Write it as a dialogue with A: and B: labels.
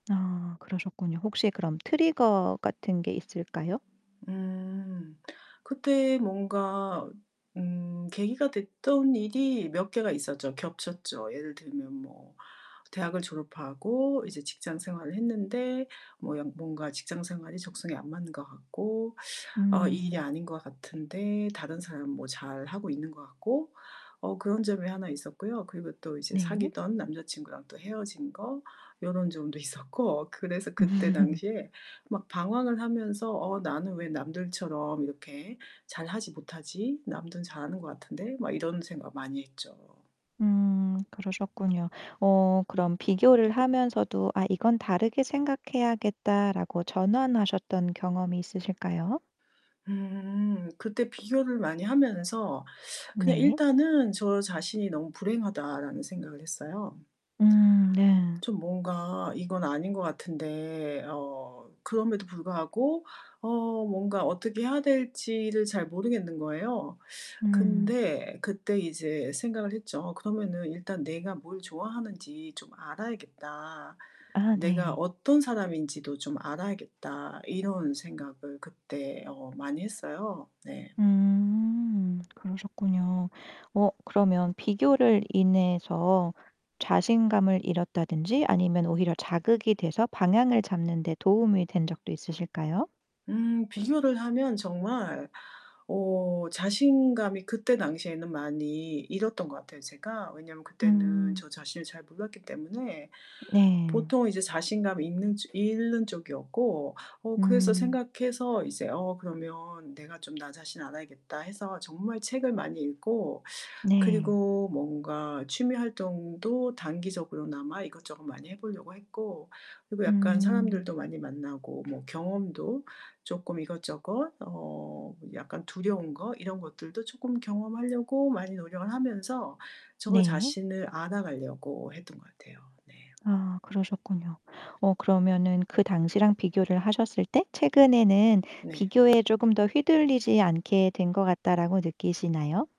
A: 아 그러셨군요. 혹시 그럼 트리거 같은 게 있을까요?
B: 음. 그때 뭔가 음 계기가 됐던 일이 몇 개가 있었죠, 겹쳤죠. 예를 들면 뭐 대학을 졸업하고 이제 직장 생활을 했는데 뭐 연 뭔가 직장 생활이 적성에 안 맞는 것 같고 어 이 일이
A: 음.
B: 아닌 것 같은데 다른 사람 뭐 잘하고 있는 것 같고 어 그런 점이 하나 있었고요. 그리고 또 이제
A: 네.
B: 사귀던 남자친구랑 또 헤어진 거 요런 점도 있었고. 그래서 그때
A: 음.
B: 당시에 막 방황을 하면서 '어 나는 왜 남들처럼 이렇게 잘하지 못하지? 남들은 잘하는 것 같은데?' 막 이런 생각 많이 했죠.
A: 음, 그러셨군요. 어 그럼 비교를 하면서도 '아 이건 다르게 생각해야겠다.'라고 전환하셨던 경험이 있으실까요?
B: 음. 그때 비교를 많이 하면서 그냥
A: 네.
B: 일단은 저 자신이 '너무 불행하다.'라는 생각을 했어요.
A: 음 네.
B: 좀 뭔가 이건 아닌 것 같은데 어 그럼에도 불구하고 어 뭔가 어떻게 해야 될지를 잘 모르겠는 거예요.
A: 음.
B: 근데 그때 이제 생각을 했죠. '어 그러면은 일단 내가 뭘 좋아하는지 좀 알아야겠다.
A: 아,
B: 내가
A: 네.
B: 어떤 사람인지도 좀 알아야겠다.' 이런 생각을 그때 어 많이 했어요. 네.
A: 음. 그러셨군요. 어 그러면 비교를 인해서 자신감을 잃었다든지 아니면 오히려 자극이 돼서 방향을 잡는 데 도움이 된 적도 있으실까요?
B: 음. 비교를 하면 정말 어 자신감이 그때 당시에는 많이 잃었던 것 같아요 제가. 왜냐하면 그때는
A: 음.
B: 저 자신을 잘 몰랐기 때문에
A: 네.
B: 보통 이제 자신감 있는 잃는 쪽이었고 어 그래서
A: 음.
B: 생각해서 이제 '어 그러면 내가 좀 나 자신을 알아야겠다.' 해서 정말 책을 많이 읽고
A: 네.
B: 그리고 뭔가 취미 활동도 단기적으로나마 이것저것 많이 해 보려고 했고 그리고 약간
A: 음.
B: 사람들도 많이 만나고 뭐 경험도 쪼끔 이것저것 어 약간 두려운 거, 이런 것들도 쪼끔 경험하려고 많이 노력을 하면서 저
A: 네.
B: 자신을 알아가려고 했던 것 같아요. 네.
A: 아 그러셨군요. 어 그러면은 그 당시랑 비교를 하셨을 때 최근에는
B: 네.
A: '비교에 쪼금 더 휘둘리지 않게 된 것 같다.'라고 느끼시나요?